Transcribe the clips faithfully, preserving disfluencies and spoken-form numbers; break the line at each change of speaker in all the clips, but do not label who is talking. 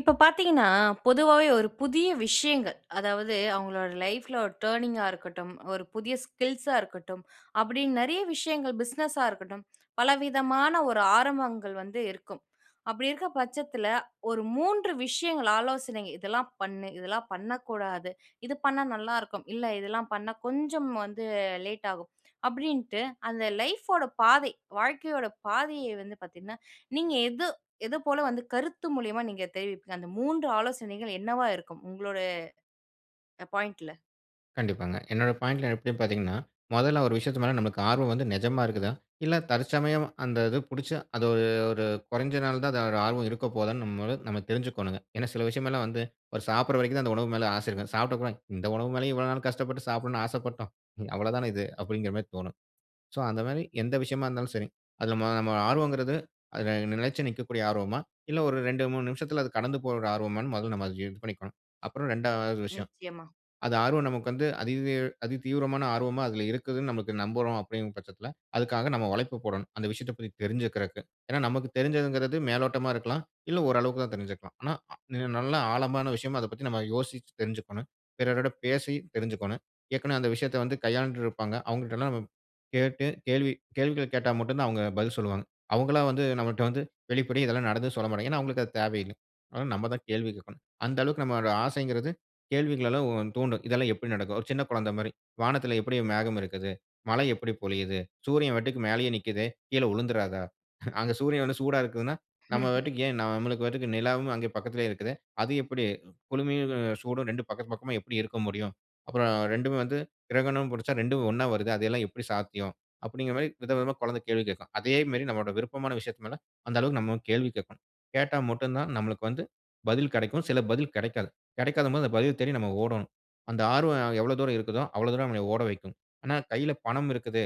இப்போ பார்த்தீங்கன்னா பொதுவாவே ஒரு புதிய விஷயங்கள் அதாவது அவங்களுடைய லைஃப்ல ஒரு டர்னிங்‌கா இருக்கட்டும், ஒரு புதிய ஸ்கில்சா இருக்கட்டும், அப்படின்னு நிறைய விஷயங்கள் பிசினஸ்ஸா இருக்கட்டும், பல விதமான ஒரு ஆரம்பங்கள் வந்து இருக்கும். அப்படி இருக்கிற பட்சத்தில, ஒரு மூன்று விஷயங்கள் ஆலோசனை இதெல்லாம் பண்ணு, இதெல்லாம் பண்ணக்கூடாது, இது பண்ணா நல்லா இருக்கும், இல்லை இதெல்லாம் பண்ணா கொஞ்சம் வந்து லேட் ஆகும், அப்படின்ட்டு அந்த லைஃப் ஓட பாதை, வாழ்க்கையோட பாதையை வந்து பார்த்தீங்கன்னா, நீங்க எது எத போல வந்து கருத்து மூலியமா நீங்க தெரிவிப்பீங்க. அந்த மூன்று ஆலோசனைகள் என்னவா இருக்கும் உங்களோட அ பாயிண்ட்‌ல?
கண்டிப்பாங்க. என்னுடைய பாயிண்ட்‌ல எப்பிடின்னு பார்த்தீங்கன்னா, முதல்ல ஒரு விஷயத்து மேல நம்மளுக்கு ஆர்வம் வந்து நிஜமா இருக்குதா? இல்ல தற்சமயம் அந்த இது பிடிச்சு அது ஒரு ஒரு கொறஞ்சநாள்தான் அதோட ஆர்வம் இருக்க போகுதான்னு நம்மளும் நம்ம தெரிஞ்சுக்கணுங்க. ஏன்னா சில விஷயம் எல்லாம் வந்து, ஒரு சாப்பிடற வரைக்கும் தான் அந்த உணவு மேல ஆசை இருக்கும். சாப்பிட்டப்புறம், "இந்த உணவு மேலயும் இவ்வளவு நாள் கஷ்டப்பட்டு சாப்பிடணும்னு ஆசைப்பட்டோம்! இ அவ்ளோ தான இது" அப்படிங்குற மாரி தோணும். சோ, அந்த மாரி எந்த விஷயமா இருந்தாலும் சரி, அதில நம்ம நம்ம ஆர்வங்கிறது அதில நிலைச்சி நிக்கக்கூடிய ஆர்வமா? இல்ல ஒரு இரண்டு, மூனு நிமிஷத்துல அது கடந்து போற ஒரு ஆர்வமான்னு, முதல்ல நம்ம அத இது பண்ணிக்கணும். அப்புறம் இரண்டாவது விஷயம்,
நிச்சயமா.
அது ஆர்வம் நமக்கு வந்து அதிதீ அதி தீவிரமான ஆர்வமா அதில இருக்குதுனு நம்ளுக்கு நம்புறோம் அப்படின்கிற பட்சத்தில அதுக்காக நம்ம உழைப்ப போடணும், அந்த விஷயத்தைப் பத்தி தெரிஞ்சிக்குறக்கு. ஏன்னா நமக்கு தெரிஞ்சதுங்கிறது மேலோட்டமா இருக்கலாம், இல்லை ஓரளவுக்கு தான் தெரிஞ்சுக்கலாம். ஆனா அ இன்னும் நல்லா ஆழமான விஷயமா அத பத்தி நம்ம யோசிச்சு தெரிஞ்சிக்கணும். பிறரிடம் பேசி தெரிஞ்சிக்கணும். ஏற்கனவே அந்த விஷயத்தை வந்து கையாண்டு இருப்பாங்க. அவங்ககிட்டல்லாம் நம்ம கேட்டு கேள்வி கேள்விகள கேட்டா மட்டும் தான் அவங்க பதில் சொல்வாங்க. அவங்களா வந்து நம்மட்ட வந்து வெளிப்படையா இதெல்லாம் நடந்ததுன்னு சொல்லமாட்டாங்க. ஏன்னா, அவங்களுக்கு அது தேவையில்ல. அதனால நம்ம தான் கேள்வி கேட்கணும். அந்த அளவுக்கு நம்மளோட ஆசைங்கிறது கேள்விகளலாம் உ தூண்டும். இதெல்லாம் எப்படி நடக்கும்? ஒரு சின்ன குழந்தை மாதிரி, "வானத்தில எப்படி மேகம் இருக்கிது? மழை எப்படி பொழியுது? சூரியன் வாட்டுக்கு மேலேயே நிக்குதே? கீழ உழுந்துராதா? அங்க சூரியன் வந்து சூடா இருக்கிதுன்னா நம்ம
ம்ஹ்ம்.
பாட்டுக்கு ஏன் நம்ளுக்கு பாட்டுக்கு நிலாவும் அங்கே பக்கத்திலேயே இருக்குதே! அது எப்படி, குளுமையும் சூடும் ரெண்டும் பக்கத்து பக்கமா எப்படி இருக்க முடியும்? அப்புறம் ரெண்டுமே வந்து கிரகணம் பிடிச்சா ரெண்டும் ஒன்னா வருதே அதெல்லாம் எப்படி சாத்தியம்?" அப்படிங்கிற மாதிரி விதவிதமா குழந்தை கேள்வி கேட்கும். அதே மாரி நம்மளோட விருப்பமான விஷயத்து மேல அந்த அளவுக்கு நம்ம கேள்வி கேட்கணும். கேட்டா மட்டும் தான் நம்மளுக்கு வந்து, பதில் கிடைக்கும், சில பதில் கிடைக்காது. கிடைக்காத போது அந்த பதில் தேடி நம்ம ஓடணும். அந்த ஆர்வம் எவ்வளோ தூரம் இருக்குதோ, அவ்வளோ தூரம் நம்மளை ஓட வைக்கும். ஆனா கையில பணம் இருக்குது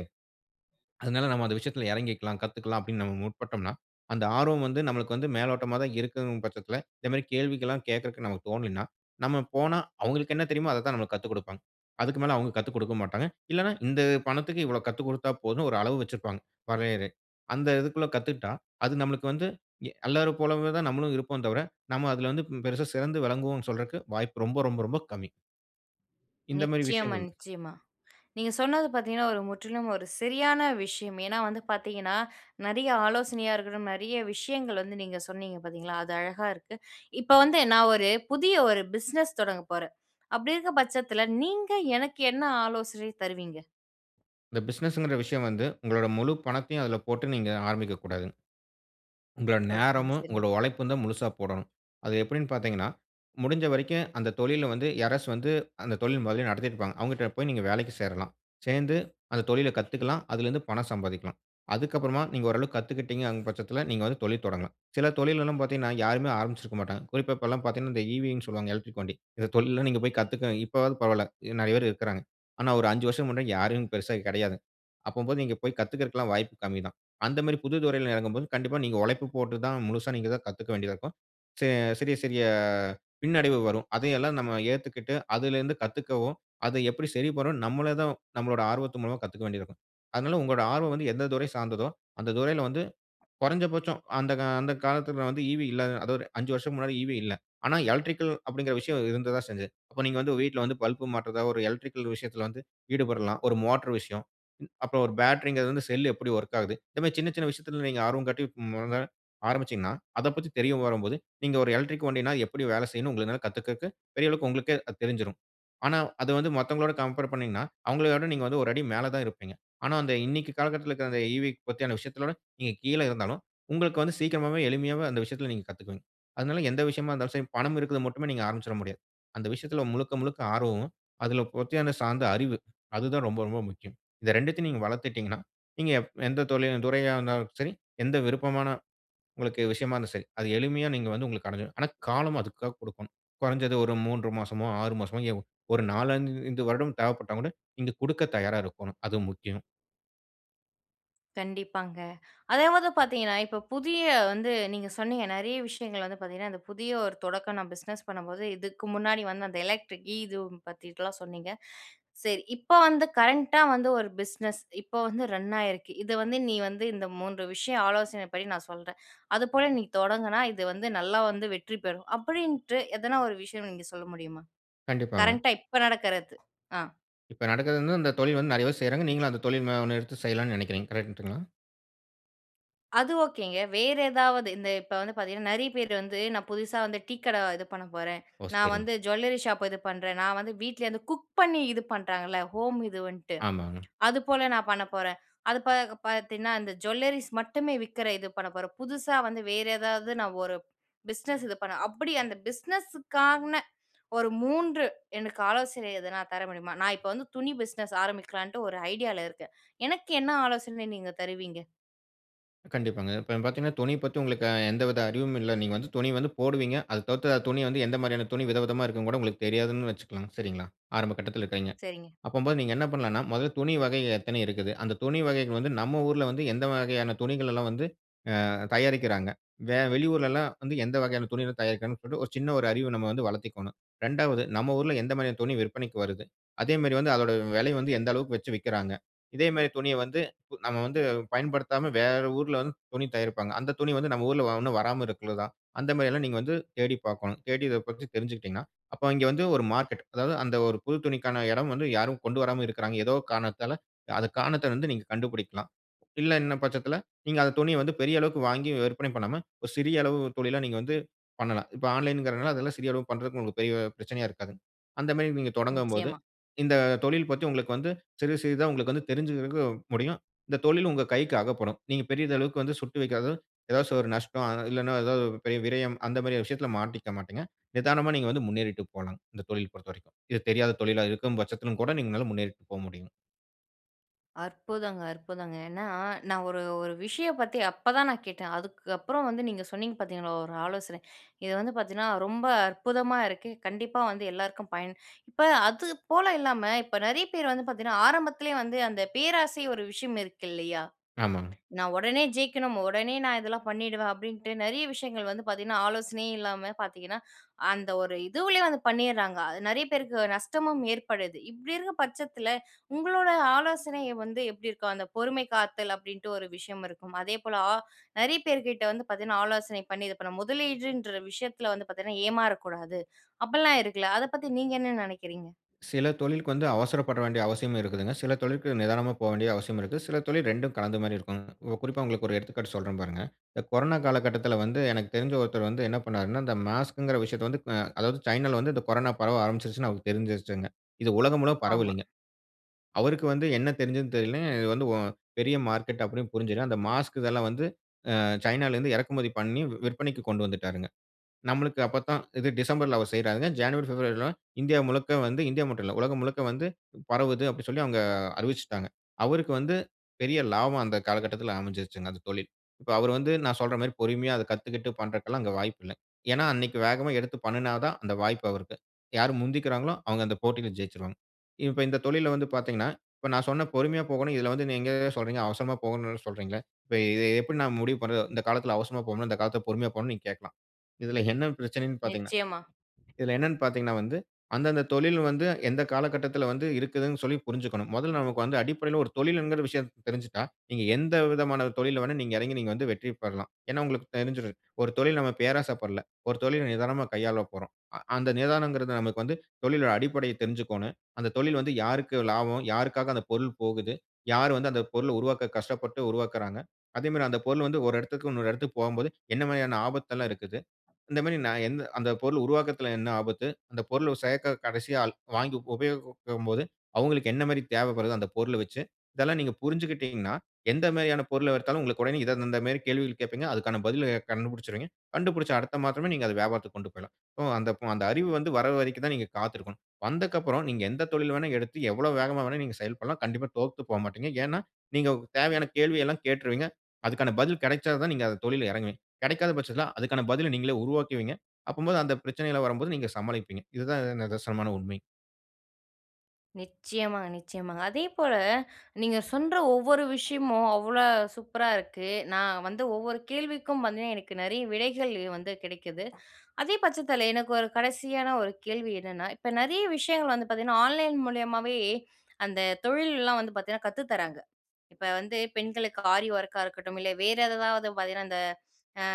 அதனால நாம அந்த விஷயத்தில இறங்கிக்கலாம், கத்துக்கலாம் அப்படின்னு நாம முற்பட்டோம்னா, அந்த ஆர்வம் வந்து நம்மளுக்கு வந்து மேலோட்டமா தான் இருக்குதுன்கிற பட்சத்தில, இந்த மாதிரி கேள்விகள்லாம் கேட்கறதற்கு நமக்கு தோனலைணா, நம்ம போனா அவங்களுக்கு என்ன தெரியுமோ அததான் நமக்கு கத்துக்கொடுப்பாங்க. அதுக்கு மேல அவங்க கத்து கொடுக்க மாட்டாங்க. இல்லைன்னா இந்த பணத்துக்கு இவ்வளவு கத்துக் கொடுத்தா போதும்னு ஒரு அளவு வெச்சிருப்பாங்க, வரையறை. அந்த இதுக்குள்ள கத்துக்கிட்டா, அது நம்மளுக்கு வந்து எ அல்லோரும் போலவேதான் நம்மளும் இருப்போம் தவிர, நம்ம அதில வந்து ம் பெருசா சிறந்து விளங்குவோம்னு சொல்றக்கு வாய்ப்பு ரொம்ப-ரொம்ப-ரொம்ப கம்மி. இந்த மாரி
நிச்சயமா,
விஷயங்கள்.
நிச்சயமா. நீங்க சொன்னது பாத்தீங்கன்னா ஒரு முற்றிலும் ஒரு சரியான விஷயம். ஏன்னா வந்து பாத்தீங்கன்னா, நெறைய ஆலோசனையா இருக்கட்டும், நெறைய விஷயங்கள் வந்து நீங்க சொன்னீங்க பாத்தீங்களா! அது அழகா இருக்கு. இப்ப வந்து நான் ஒரு புதிய ஒரு பிசினஸ் தொடங்கப் போறேன். அப்படி இருக்க பட்சத்துல நீங்க எனக்கு என்ன ஆலோசனை தருவீங்க?
இந்த பிசினஸுங்கிற விஷயம் வந்து, உங்களோட முழு பணத்தையும் அதுல போட்டு நீங்க ஆரம்பிக்கக் கூடாது. உங்கட
ஓகேங்க.
நேரமும்,
சரிங்க.
உங்களோட உழைப்பும் தான் முழுசா போடணும். அது எப்படினு பாத்தீங்கன்னா, முடிஞ்ச வரைக்கும் அந்த தொழில்ல வந்து யாராச்சும் வந்து, அந்த தொழில் மொதல்லயே நடத்திட்ருப்பாங்க. அவுங்கட்ட போய் நீங்க வேலைக்கு சேரலாம். சேர்ந்து, அந்த தொழிலக் கத்துக்கலாம், அதிலிருந்து பணம் சம்பாதிக்கலாம். அதுக்கப்பறமா நீங்க ஓரளவுக்கு கத்துக்கிட்டீங்அங் பட்சத்துல, நீங்க வந்து தொழில் தொடங்கலாம். சில தொழிலலாம் பாத்தீங்கன்னா, யாருமே ஆரம்பிச்சுருக்க மாட்டாங்க. குறிப்பா, இப்பலாம் பார்த்தீங்கன்னா இந்த ஈவீன்னு சொல்லுவாங்க, எலக்ட்ரிக் வண்டி. இந்த தொழில்ல நீங்க போய் கத்துக்க இப்போவாது பரவால்ல, இ நெறைய பேர் இருக்குறாங்க. ஆனா ஒரு அஞ்சு வருசம் முன்னாடி, யாருமே பெருசா இங்க கிடையாது. அப்பம்போது நீங்க போய் கத்துக்குறதுக்கெல்லாம், வாய்ப்பு கம்மி தான். அந்த மாதிரி புது துறையில இறங்கும் போது, கண்டிப்பா நீங்க உழைப்பு போட்டு தான் முழுசா நீங்க தான் கத்துக்க வேண்டியதா இருக்கும். சி சிறிய சிறிய பின்னடைவு வரும். அதையெல்லாம் நம்ம ஏத்துக்கிட்டு அதிலருந்து கத்துக்கவும், அத எப்படி சரிபண்ணணும்னு நம்மளே தான் நம்மளோட ஆர்வத்து மூலமா, கத்துக்க வேண்டி இருக்கும். அதனால உங்களோட ஆர்வம் வந்து எந்த துறை சார்ந்ததோ, அந்த துறையில வந்து, குறைஞ்சபட்சம் அந்த கா அந்த காலத்துல வந்து ஈவீ இல்லாத அதுவொரு அஞ்சு வருசம் முன்னாடி ஈவீ இல்ல. ஆனா எலக்ட்ரிக்கல் அப்படிங்குற விஷயம் இருந்த தான் செஞ்சே. அப்போ நீங்க வந்து வீட்ல வந்து பல்ப் மாட்றதா ஒரு எலக்ட்ரிக்கல் விஷயத்துல வந்து ஈடுபடலாம். ஒரு மோட்டார் விஷயம், ம் அப்ப ஒரு பேட்டரிங்குறதுலருந்து செல் எப்படி வொர்க் ஆகுது, இந்த மாதிரி சின்ன, சின்ன விஷயத்துல நீங்க ஆர்வம் காட்டி, மொத ஆரம்பிச்சீங்கன்னா அதப்பத்தி தெரிய வரும்போது நீங்க ஒரு எலக்ட்ரிக் வண்டினா எப்படி வேலை செய்யும்னு உங்கள்னால கத்துக்கக்கு பெரிய அளவுக்கு உங்களுக்கே அது தெரிஞ்சுரும். ஆனா, அது வந்து மத்தவங்களோட கம்பேர் பண்ணீங்கன்னா, அவங்களையவிட நீங்க வந்து ஒரு அடி மேல தான் இருப்பீங்க. ஆனா, அந்த இன்னைக்கு காலகட்டத்துல இருக்கிற அந்த ஈ. வீ பத்தியான விஷயத்துலகூட, நீங்க கீழ இருந்தாலும் உங்களுக்கு வந்து சீக்கிரமாகவே, எளிமையாகவே அந்த விஷயத்துல நீங்க கத்துக்குவீங்க. அதனால எந்த விஷயமா இருந்தாலும் சரி, பணம் இருக்குதுன்னு மட்டுமே நீங்க ஆரம்பிச்சுற முடியாது. அந்த விஷயத்துல முழுக்க முழுக்க ஆர்வமும், அதுல [unintelligible] சார்ந்த அறிவு, அது தான் ரொம்ப ரொம்ப முக்கியம். இது ரெண்டத்தையும் நீங்க வளத்துட்டீங்கன்னா, நீங்க எப் எந்த தொழில் துறையா இருந்தாலும் சரி, எந்த விருப்பமான உங்களுக்கு விஷயமா இருந்தாலும் சரி, அது எளிமையா நீங்க வந்து உங்களுக்கு அடைஞ்சிரும். ஆனா, காலம் அதுக்காக குடுக்கணும். குறைஞ்சது, ஒரு மூன்று மாசமோ ஆறு மாசமோ ஏன், ஒரு நாலைந்து வருடம் தேவைப்பட்டா கூட நீங்க குடுக்கத் தயாரா இருக்கோணும். அது முக்கியம்.
கண்டிப்பாங்க. அதே மாதா பார்த்தீங்கன்னா இப்ப புதிய வந்து நீங்க சொன்னீங்க, நெறைய விஷயங்கள் வந்து பார்த்தீங்கன்னா, இந்த புதிய ஒரு தொடக்கம் நான் பிசினஸ் பண்ணும்போது இதுக்கு முன்னாடி வந்து அந்த எலக்ட்ரிக் ஈது பத்திலாம் சொன்னீங்க. சரி. இப்ப வந்து கரண்ட்டா வந்து ஒரு பிசினஸ், இப்ப வந்து ரன் ஆயிருக்கு. "இது வந்து நீ வந்து இந்த மூன்று விஷயம் ஆலோசனை பண்ணி, நான் சொல்றேன். அதுபோல நீ தொடங்குனா, இது வந்து நல்லா வந்து வெற்றி பெறும்." அப்படின்ட்டு, எதனா ஒரு விஷயம் நீங்க சொல்ல முடியுமா?
கண்டிப்பாங்க.
கரண்ட்டா இப்ப நடக்கறது. அ.
இப்ப நடக்கிறது வந்து இந்த தொழில் வந்து நெறைய வேர் செய்றாங்க. நீங்களும் அந்த தொழில் மா ஒண்ணை எடுத்து செய்யலாம்னு நெனைக்கிறீங்க. கரஇன்ட்டுங்களா?
அது ஓகேங்க. வேற ஏதாவது இந்த இப்ப வந்து பார்த்தீங்கன்னா நெறைய பேர் வந்து, நான் புதுசா வந்து டீ கடை இது பண்ண போறேன்.
ஓ!
நான்
சரிங்க.
வந்து ஜுவல்லரி ஷாப் இது பண்றேன். நான் வந்து வீட்டலருந்து குக் பண்ணி இது பண்ணுறாங்கல்ல, ஹோம் இது வன்ட்டு.
ஆமாங்க.
அதுபோல நான் பண்ண போறேன். அது பார்க்- பார்த்தீன்னா, அந்த ஜூவல்லரீஸ் மட்டுமே விற்கிற இது பண்ண போறேன். புதுசா வந்து வேறு ஏதாவது, நான் ஒரு பிஸினஸ் இது பண்ண அப்படி அந்த பிஸினஸ்க்கானா ஒரு மூன்று எனக்கு ஆலோசனை எதுனா தர முடியுமா? நான் இப்ப வந்து துணி பிஸினஸ் ஆரம்பிக்கலான்ட்டு, ஒரு ஐடியால இருக்கேன். எனக்கு என்ன ஆலோசனை நீங்க தருவீங்க?
கண்டிப்பாங்க. இப்பங் பார்த்தீங்கனா, துணி பத்தி உங்களுக்கு அ எந்தவித அறிவும் இல்ல. நீங்க வந்து துணி வந்து போடுவீங்க. அது தவிர்த்து அ துணி வந்து எந்த மாதிரியான துணி வித விதமா இருக்குன்னுகூட உங்களுக்கு தெரியாதுன்னு வச்சுக்களாங்க, சரிங்களா? ஆரம்ப கட்டத்தில இருக்கறீங்க.
சரிங்க.
அப்பம்போது நீங்க என்ன பண்ணலாம்னா முதல்ல துணி வகைகள் எத்தனை இருக்குது? அந்த துணி வகைகள் வந்து நம்ம ஊர்ல வந்து எந்த வகையான துணிகள் எல்லாம் வந்து அ தயாரிக்கிறாங்க? வெ வெளியூர்லல்லாம் வந்து எந்த வகையான துணிகள் தயாரிக்கிறாங்கனு சொல்லிட்டு ஒரு சின்ன ஒரு அறிவ நம்ம வந்து வளர்த்திக்கோணும். ரெண்டாவது நம்ம ஊர்ல எந்த மாதிரியான துணி விற்பனைக்கு வருது? அதே மாரி வந்து அதோட விலைய வந்து எந்த அளவுக்கு வச்சு விக்கிறாங்க? இதே மாதிரி துணியை வந்து ப நம்ம வந்து பயன்படுத்தாம வேற ஊர்ல வந்து துணி தயாரிப்பாங்க. அந்த துணி வந்து நம்ம ஊர்ல வ உன்னும் வராம இருக்குள்ளதா? அந்த மாதிரியல்லாம் நீங்க வந்து தேடி பார்க்கணும். தேடி இதை பத்தி தெரிஞ்சுகிட்டீங்கன்னா, அப்போ இங்க வந்து ஒரு மார்க்கெட், அதாவது அந்த ஒரு புது துணிக்கான இடம் வந்து யாரும் கொண்டு வராம இருக்கிறாங்க, ஏதோ காரணத்தால. அந்த காரணத்தை வந்து நீங்க கண்டுபிடிக்கலாம். இல்ல என்னும் பட்சத்தில, நீங்க அந்த துணியை வந்து பெரிய அளவுக்கு வாங்கி விற்பனை பண்ணாம, ஒரு சிறிய அளவு தொழிலா நீங்க வந்து பண்ணலாம். இப்ப ஆன்லைன்கிறதுனால அதுலாம் சிறிய அளவுக்கு பண்றதுக்கு உங்களுக்கு பெரிய பிரச்சனையா இருக்காதுங்க. அந்த மாதிரி நீங்க தொடங்கும் போது,
நிச்சயமா.
இந்த தொழில் பற்றி உங்களுக்கு வந்து சிறிது சிறிதா உங்களுக்கு வந்து தெரிஞ்சிக்கிறதுக்கு முடியும். இந்த தொழில் உங்க கைக்கு அகப்படும். நீங்க பெரிதளவுக்கு வந்து சுட்டு வைக்காத ஏதாச்சு ஒரு நஷ்டம், அ இல்லைனா ஏதாவது ஒரு பெரிய விரயம் அந்த மாதிரியான விஷயத்தில மாட்டிக்க மாட்டீங்க. நிதானமா நீங்க வந்து முன்னேறிட்டு போலாம், இந்த தொழில் பொறுத்த வரைக்கும். இது தெரியாத தொழிலா இருக்கும் பட்சத்திலும் கூட, நீங்க நல்லா முன்னேறிட்டு போக முடியும்.
அற்புதங்க! அற்புதங்க! ஏன்னா நான் ஒரு ஒரு விஷயம் பத்தி அப்பதான் நான் கேட்டேன். அதுக்கு அப்புறம் வந்து நீங்க சொன்னீங்க பார்த்தீங்களா ஒரு ஆலோசனை! இது வந்து பார்த்தீங்கன்னா ரொம்ப அற்புதமா இருக்கு. கண்டிப்பா வந்து எல்லோருக்கும் பயன் இப்ப அது போல இல்லாம இப்ப நிறைய பேர் வந்து பார்த்தீங்கன்னா ஆரம்பத்திலேயே வந்து அந்த பேராசை ஒரு விஷயம் இருக்கு இல்லையா?
ஆமாங்க.
"நான் உடனே ஜெயிக்கணும், உடனே நான் இதெல்லாம் பண்ணிடுவேன்", அப்படின்ட்டு நிறைய விஷயங்கள் வந்து பார்த்தீங்கன்னா, ஆலோசனையே இல்லாம பார்த்தீங்கன்னா அந்த ஒரு இதுவுலேயே வந்து பண்ணிர்றாங்க. அது நிறைய பேருக்கு நஷ்டமும் ஏற்படுது. இப்படி இருக்கிற பட்சத்தில, உங்களோட ஆலோசனை வந்து எப்படி இருக்கும்? அந்த பொறுமை காத்தல் அப்படின்ட்டு ஒரு விஷயம் இருக்கும். அதேபோல ஆ நிறைய பேர்கிட்ட வந்து பார்த்தீங்கன்னா ஆலோசனை பண்ணி இது பண்ண முதலீடுன்ற விஷயத்தில வந்து பார்த்தீங்கன்னா ஏமாறக்கூடாது. அப்படிலாம் இருக்குல. அதை பத்தி நீங்க என்ன நினைக்கிறீங்க?
சில தொழிலுக்கு வந்து அவசரப்பட வேண்டிய அவசியமும் இருக்குதுங்க. சில தொழிலுக்கு நிதானமா போக வேண்டிய அவசியம் இருக்கு. சில தொழில் இரண்டும் கலந்த மாதிரி இருக்குங்க. குறிப்பா உங்களுக்கு ஒரு எடுத்துக்காட்டு சொல்றேன் பாருங்க. இந்த கொரோனா காலகட்டத்தில வந்து எனக்கு தெரிந்த ஒருத்தர் வந்து என்ன பண்ணார்னா இந்த மாஸ்க்குங்குற விஷயத்தை வந்து அ அதாவது சைனால வந்து இந்த கொரோனா பரவ ஆரம்பிச்சிருச்சுன்னு அவருக்கு தெரிஞ்சிருச்சுங்க. இது உலகம் முழுவ
ஆமா.
பரவலீங்க. அவருக்கு வந்து என்ன தெரிஞ்சதுன்னு தெரியலை. இது வந்து வ பெரிய மார்க்கெட் அப்படின்னு புரிஞ்சிட்டு அந்த மாஸ்க் இதெல்லாம் வந்து அ சைனால இருந்து இறக்குமதி பண்ணி வி விற்பனைக்கு கொண்டு வந்துட்டாருங்க. நம்மளுக்கு அப்பத்தான் இது டிசம்பர்‌ல அவர் செய்றாருங்க. ஜனவரி, பிப்ரவரில்லாம் இந்தியா முழுக்க வந்து இந்தியா மட்டும் இல்லை, உலகம் முழுக்க வந்து பரவுது, அப்படின்னு சொல்லி அவங்க அறிவிச்சிட்டாங்க. அவருக்கு வந்து பெரிய லாபம் அந்த காலகட்டத்தில அமைஞ்சிருச்சுங்க அந்த தொழில். இப்போ அவர் வந்து நான் சொல்ற மாதிரி பொறுமையா அத கத்துக்கிட்டு பண்ணுறதுக்குலாம் அங்க வாய்ப்பு இல்ல. ஏன்னா அன்னைக்கு வேகமா எடுத்து பண்ணுனா தான் அந்த வாய்ப்பு அவருக்கு. யார் முந்திக்கிறாங்களோ அவங்க அந்த போட்டியில ஜெயிச்சிருவாங்க. இப்ப இந்த தொழில்ல வந்து பார்த்தீங்கன்னா, இப்போ நான் சொன்ன பொறுமையா போகணும். இதில வந்து நீங்க சொல்றீங்க. அவசரமா போகணும்னு சொல்றீங்களே. இப்ப இதை எப்படி நான் முடிவு பண்றது? இந்த காலத்தில அவசரமா போகணும், இந்த காலத்தில் பொறுமையா போகணும்னு நீங்க கேட்கலாம். இதில என்ன பிரச்சனைனு பார்த்தீங்கன்னா,
நிச்சயமா.
இதில என்னனு பார்த்தீங்கன்னா வந்து அந்த அந்த தொழில் வந்து எந்த காலகட்டத்தில வந்து இருக்குதுனு சொல்லி புரிஞ்சிக்கணும். முதல்ல நமக்கு வந்து அடிப்படையில ஒரு தொழில்ங்கிற விஷயம் தெரிஞ்சிட்டா நீங்க எந்த விதமான தொழில்ல வேணா நீங்க இறங்கி நீங்க வந்து வெற்றி பெறலாம். ஏன்னா உங்களுக்கு தெரிஞ்சுரும். ஒரு தொழில் நாம பேராசை படலை. ஒரு தொழில நிதானமா கையாளப் போறோம். அ அந்த நிதானம்கிறது நமக்கு வந்து தொழிலுடைய அடிப்படையை தெரிஞ்சுக்கணும். அந்த தொழில் வந்து யாருக்கு லாபம்? யாருக்காக அந்த பொருள் போகுது? யார் வந்து அந்த பொருளை உருவாக்க கஷ்டப்பட்டு உருவாக்குகிறாங்க? அதே மாதிரி அந்த பொருள் வந்து ஒரு இடத்துக்கு இன்னொரு இடத்துக்கு போகும்போது என்ன மாரியான ஆபத்து எல்லாம் இருக்குது? இந்த மாதிரி நான் எந் அந்த பொருள் உருவாக்குறதுல என்ன ஆபத்து? அந்த பொருள் ஒரு சேர்க்க கடைசி ஆள் வாங்கி உபயோகிக்கும் போது அவங்களுக்கு என்ன மாரி தேவை வருது அந்த பொருளை வச்சு? இதெல்லாம் நீங்க புரிஞ்சிக்கிட்டீங்கனா எந்த மாதிரியான பொருளை எடுத்தாலும் உங்களுக்கு உடனே இதை இந்த மாதிரி கேள்விகள் கேட்பீங்க. அதற்கான பதிலை கண்டுபிடிச்சிருவீங்க. கண்டுபிடிச்ச அடுத்த மாசமே நீங்க அதை வியாபாரத்திற்கு கொண்டு போயிரலாம். ஓ அந்த அப் அந்த அறிவு வந்து வர்ற வரைக்கும் தான் நீங்க காத்திருக்கணும். வந்தக்கப்புறம் நீங்க எந்த தொழில் வேணா எடுத்து, எவ்வளவு வேகமா வேணாலும் நீங்க செயல்படலாம். கண்டிப்பா தோத்து போகமாட்டீங்க. ஏன்னா நீங்க தேவையான கேள்வி எல்லாம் கேட்றுவீங்க. அதுக்கான பதில் கிடைச்சால் தான் நீங்க அந்த தொழில்ல இறங்குவீங்க. கிடைக்காத பட்சத்தில அதுக்கான பதிலை நீங்களே உருவாக்குவீங்க. அப்பம்போது அந்த பிரச்சனைலாம் வரும்போது நீங்க சமாளிப்பீங்க. இது தான் இது நிதர்சனமான உண்மை.
நிச்சயமாங்க, நிச்சயமாங்க. அதேபோல நீங்க சொன்ற ஒவ்வொரு விஷயமும் அவ்வளா சூப்பரா இருக்கு. நான் வந்து ஒவ்வொரு கேள்விக்கும் வந்து எனக்கு நெறைய விடைகள் வந்து கிடைக்குது. அதே பட்சத்தில எனக்கு ஒரு கடைசியான ஒரு கேள்வி என்னன்னா, இப்ப நெறைய விஷயங்கள் வந்து பார்த்தீங்கன்னா, ஆன்லைன் மூலியமாவே அந்த தொழில்லாம் வந்து பார்த்தீங்கனா கத்துத்தறாங்க. இப்ப வந்து பெண்களுக்கு ஆரி ஒர்க்கா இருக்கட்டும், இல்ல வேறு ஏதாதாவது பார்த்தீங்கன்னா இந்த அ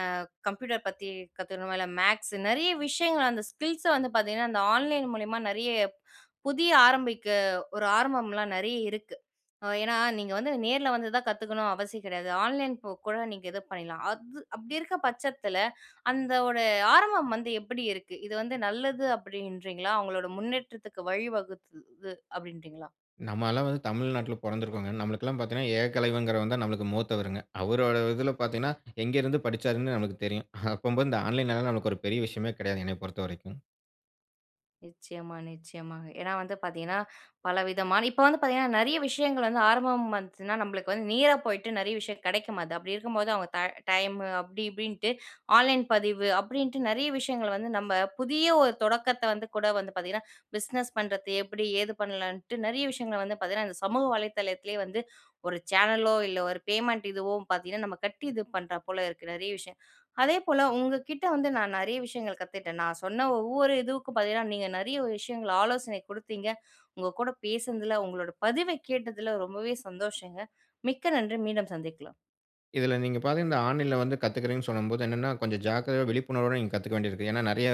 கம்ப்யூட்டர் பத்தி கத்துக்கணுமா, இல்லை மேக்ஸ் நெறைய விஷயங்கள் அந்த ஸ்கில்ஸை வந்து பார்த்தீங்கன்னா அந்த ஆன்லைன் மூலியமா நிறைய புதிய ஆரம்பிக்க ஒரு ஆரம்பம்லாம் நெறைய இருக்கு. அ ஏன்னா நீங்க வந்து நேர்ல வந்து தான் கத்துக்கணும் அவசியம் கெடையாது. ஆன்லைன் போ கூட நீங்க இது பண்ணிடலாம். அது அப்படி இருக்க பட்சத்தில அந்த ஒரு ஆரம்பம் வந்து எப்படி இருக்கு? இது வந்து நல்லது அப்படின்றீங்களா? அவங்களோட முன்னேற்றத்துக்கு வழிவகுத்தது அப்படின்றீங்களா?
நம்ம அல்லாம் வந்து தமிழ்நாட்டில பொறந்திருக்கோம்ங்க. நம்மளுக்குலாம் பாத்தீங்கனா ஏககலைவன்ங்கிறவன்தான் நம்மளுக்கு மூத்தவருங்க. அவரோட இதில பாத்தீங்கனா எங்கேருந்து படிச்சாருன்னு நம்மளுக்கு தெரியும். அப்பம்போது இந்த ஆன்லைன்‌னால நம்மளுக்கு ஒரு பெரிய விஷயமே கிடையாதுங்க, என்னைய பொறுத்தவரைக்கும்.
நிச்சயமா, நிச்சயமாங்க. ஏன்னா வந்து பார்த்தீங்கன்னா பலவிதமான இப்ப வந்து பார்த்தீங்கன்னா நெறைய விஷயங்கள் வந்து ஆரம்பம் வந்துச்சுன்னா நம்பளுக்கு வந்து நீரா போயிட்டு நெறைய விஷயம் கெடைக்கமாது. அப்படி இருக்கும்போது அவங்க த டைம் அப்படி இப்படின்ட்டு, ஆன்லைன் பதிவு அப்படின்ட்டு நெறைய விஷயங்கள் வந்து நம்ம புதிய ஒரு தொடக்கத்தை வந்து கூட வந்து பார்த்தீங்கன்னா, பிஸ்னஸ் பண்ணுறது எப்படி, ஏது பண்ணலான்ட்டு நெறைய விஷயங்களை வந்து பார்த்தீங்கன்னா, இந்த சமூக வலைதளத்திலேயே வந்து ஒரு சேனலோ இல்லை ஒரு பேமெண்ட் இதுவோ பார்த்தீங்கன்னா நம்ம கட்டி இது பண்றா போல இருக்கு நெறைய விஷயம். அதேபோல உங்க கிட்ட வந்து நான் நெறைய விஷயங்கள் கத்துக்கிட்டேன். நான் சொன்ன ஒவ்வொரு இதுவுக்கும் பார்த்தீனா, நீங்க நெறைய விஷயங்கள ஆலோசனை குடுத்தீங்க. உங்க கூட பேசினதில, உங்களோட பதிவை கேட்டதில, ரொம்பவே சந்தோஷங்க. மிக்க நன்றி. மீண்டும் சந்திக்கலாம்.
இதில நீங்க பாத்தீனா இந்த ஆன்லைன்ல வந்து கத்துகிறேன்னு சொல்லும்போது, என்னன்னா கொஞ்சம் ஜாக்கிரதையா விழிப்புணர்வோடு நீங்க கத்துக்க வேண்டியிருக்கு. ஏன்னா நெறைய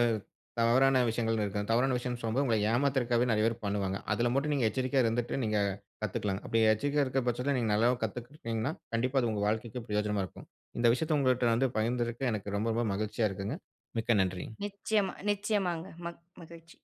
தவறான விஷயங்கள்னு இருக்கு. அந்த தவறான விஷயம் சொல்லும்போது உங்களை ஏமாத்துறதுக்காகவே நெறைய பேர் பண்ணுவாங்க. அதில மட்டும் நீங்க எச்சரிக்கையா இருந்துட்டு நீங்க கத்துக்கலாம்ங்க. அப்படி எச்சரிக்கையா இருக்க பட்சத்தில நீங்க நல்லாவும் கத்துக்கிட்டீங்கனா, கண்டிப்பா அது உங்க வாழ்க்கைக்கு பிரயோஜனமா இருக்கும். இந்த விஷயத்தை உங்கள்ட்ட வந்து பகிர்ந்ததற்கு எனக்கு ரொம்ப ரொம்ப மகிழ்ச்சியா இருக்குங்க. மிக்க நன்றி.
நிச்சயமா, நிச்சயமாங்க. மக் மகிழ்ச்சி.